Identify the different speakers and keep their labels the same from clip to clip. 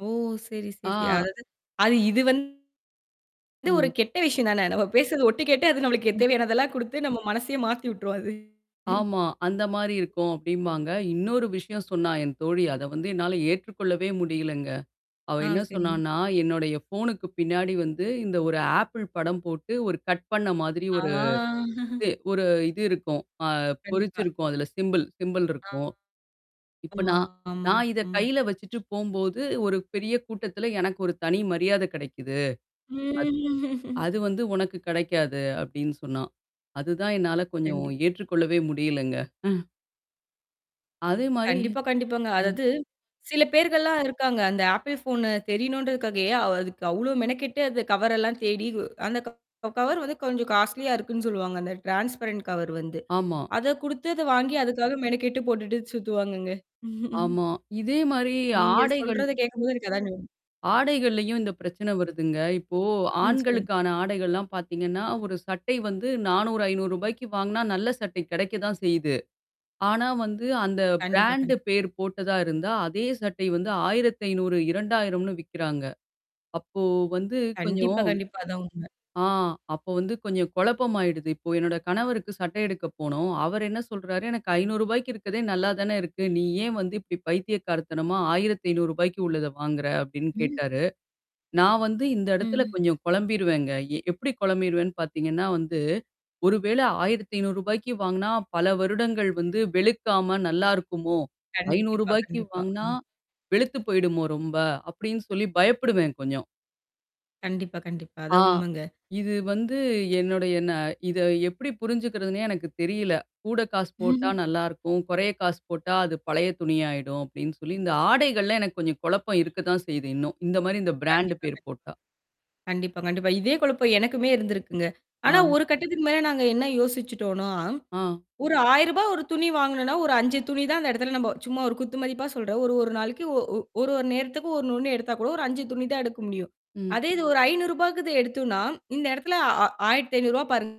Speaker 1: ஓ! சரி, சரி.
Speaker 2: ஆ.
Speaker 1: அதாவது, அது இது வந்து ஒரு
Speaker 2: ம்.
Speaker 1: கெட்ட விஷயம் தானே. நம்ம பேசுறது ஒட்டு கேட்டு அது நம்மளுக்கு தேவையானதெல்லாம் குடுத்து நம்ம மனசையே மாத்தி விட்டுருோம் அது.
Speaker 2: ஆமா. அந்த மாரி இருக்கும் அப்டிம்பாங்க. இன்னொரு விஷயம் சொன்னா என் தோழி. அத வந்து என்னால ஏற்றுக்கொள்ளவே முடியலங்க. அவ
Speaker 1: ஆ
Speaker 2: என்ன
Speaker 1: சரிங்க.
Speaker 2: சொன்னான்னா, என்னுடைய ஃபோனுக்கு பின்னாடி வந்து இந்த ஒரு ஆப்பிள் படம் போட்டு ஒரு கட் பண்ண மாதிரி ஒரு
Speaker 1: ஆ.
Speaker 2: இது ஒரு இது இருக்கும். அ
Speaker 1: கண்டிப்பா.
Speaker 2: பொறிச்சுிருக்கும். அதுல சிம்பள் சிம்பள்
Speaker 1: ஆ.
Speaker 2: இருக்கும். இப்ப
Speaker 1: ஆமா,
Speaker 2: நான்
Speaker 1: ஆமா,
Speaker 2: நான் இத
Speaker 1: ஆமா.
Speaker 2: கையில வச்சுட்டு போம்போது, ஒரு பெரிய கூட்டத்துல எனக்கு ஒரு தனி மரியாதை கிடைக்குது. அத்
Speaker 1: ம்
Speaker 2: அது வந்து உனக்கு கிடைக்காது அப்படின்னு சொன்னா. அதுதான் என்னால கொஞ்சம்
Speaker 1: கண்டிப்
Speaker 2: ஏற்றுக்கொள்ளவே முடியலங்க. அதே மாரி
Speaker 1: கண்டிப்பா, கண்டிப்பாங்க.
Speaker 2: ம்.
Speaker 1: அதாவது சில பேர்கள்லாம் இருக்காங்க. அந்த ஆப்பிள் ஃபோன் தெரியணுன்றதுக்காகயே அதுக்கு அவ்ளோ மெனக்கெட்டு அந்த கவர் எல்லாம் தேடி அந்த க கவர் வந்து கொஞ்சம் காஸ்ட்லியா இருக்குன்னு சொல்லுவாங்க. அந்த ட்ரான்ஸ்பரன்ட் கவர் வந்து.
Speaker 2: ஆமா.
Speaker 1: அத குடுத்து அத வாங்கி அதுக்காக மெனக்கட்டு போட்டுட்டு சுத்துவாங்கங்க.
Speaker 2: ஆமா. இதே மாரி
Speaker 1: நீங்க
Speaker 2: ஆடைகள்
Speaker 1: சொல்றத கேட்கும்போது எனக்கு அதாங்.
Speaker 2: ஆடைகள்லயும் இந்த பிரச்சனை வருதுங்க. இப்போ
Speaker 1: ம். சொல்லுங்க.
Speaker 2: ஆண்களுக்கான ஆடைகள்லாம் பார்த்தீங்கன்னா, ஒரு சட்டை வந்து ரூ.400, ரூ.500க்கு வாங்குனா நல்ல சட்டை கிடைக்க தான் செய்யுது. ஆனா வந்து அந்த
Speaker 1: கண்டிப்பா,
Speaker 2: பிராண்ட்
Speaker 1: கண்டிப்
Speaker 2: பேர் போட்டதா இருந்தா, அதே சட்டை வந்து ரூ.1500, ரூ.2000னு விக்கிறாங்க. அப்போ வந்து
Speaker 1: கண்டிப்பா,
Speaker 2: கொஞ்சம்
Speaker 1: கண்டிப்பா அதான் உண்ம.
Speaker 2: ஆ அப்ப வந்து கொஞ்சம் குழப்பமாயிடுது. இப்போ என்னோட கணவருக்கு சட்டை எடுக்க போனோம். அவர் என்ன சொல்றாரு எனக்கு ரூ.500 இருக்கிறதே நல்லா தானே இருக்கு. நீ ஏன் வந்து இப்படி பைத்திய கார்த்தனமா ரூ.1500, உள்ளத வாங்குற அப்படின்னு
Speaker 1: ம்.
Speaker 2: கேட்டாரு. நான் வந்து இந்த இடத்துல
Speaker 1: ம்.
Speaker 2: கொஞ்சம் குழம்பிருவேங்க. எ எப்படி குழம்பிருவேன்னு பார்த்தீங்கன்னா வந்து, ஒரு வேளை ரூ.1500, வாங்குனா, பல வருடங்கள் வந்து வெளுக்காம நல்லாயிருக்குமோ? ஐநூறு
Speaker 1: கண்டிப்பா,
Speaker 2: ரூபாய்க்கு
Speaker 1: கண்டிப்பா.
Speaker 2: வாங்கனா.
Speaker 1: ஆ.
Speaker 2: வெளுத்து போயிடுமோ ரொம்ப. அப்படின்னு சொல்லி பயப்படுவேன் கொஞ்சம்.
Speaker 1: கண்டிப்பா, கண்டிப்பா.
Speaker 2: ஆ.
Speaker 1: அதான் உண்மைங்க.
Speaker 2: இது வந்து என்னுடையன இத எப்படி புரிஞ்சுக்கிறதுன்னே எனக்கு தெரியல. கூட காசு போட்டா நல்லாருக்கும். குறைய காசு போட்டா அது பழைய துணியாயிடும் அப்படின்னு சொல்லி இந்த ஆடைகள்ல எனக்கு கொஞ்சம் குழப்பம் இருக்க தான் செய்யுது. இன்னும். இந்த மாரி இந்த பிராண்ட்
Speaker 1: கண்டிப்பா கண்டிப்
Speaker 2: பேர் போட்டா.
Speaker 1: கண்டிப்பா, கண்டிப்பா. இதே குழப்பம் எனக்குமே இருந்திருக்குங்க.
Speaker 2: ஆ.
Speaker 1: ஆனா ஒரு கட்டத்துக்கு மேல நாங்க என்ன யோசிச்சுட்டோனா,
Speaker 2: ஆ.
Speaker 1: ஒரு ரூ.1000 ஒரு துணி வாங்குனோனா, ஒரு 5 துணி தான் அந்த இடத்துல நம்ப சும்மா ஒரு குத்துமதிப்பா சொல்ற. ஒரு ஒரு நாளைக்கு ஒ ஒ ஒரு ஒரு நேரத்துக்கு ஒண்ணு ஒண்ணு எடுத்தா கூட ஒரு 5 துணி தான் எடுக்க முடியும்.
Speaker 2: ம்.
Speaker 1: அதே இது ஒரு ரூ.500க்கு எடுத்தோனா, இந்த இடத்துல ரூ.1500 ஆ பாருங்க.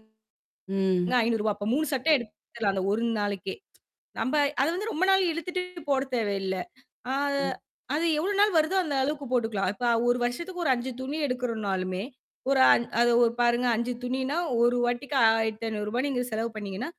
Speaker 2: ம்.
Speaker 1: அப்ப 3 சட்ட எடுத்துரலாம். அந்த ஒரு நாளைக்கே. நம்ப அத வந்து ரொம்ப நாள் இழுத்துட்டு போட தேவையில்ல. அ
Speaker 2: ம்.
Speaker 1: அது எவ்ளோ நாள் வருதோ அந்த அளவுக்கு போட்டுக்கலாம். இப்ப ஒரு வருஷத்துக்கு ஒரு 5 துணி எடுக்கறனாலுமே. ஒரு அ அது ஒரு பாருங்க 5 துணினா, ஒரு வாட்டிக்கு ரூ.1500 நீங்க செலவு பண்ணீங்கன்னா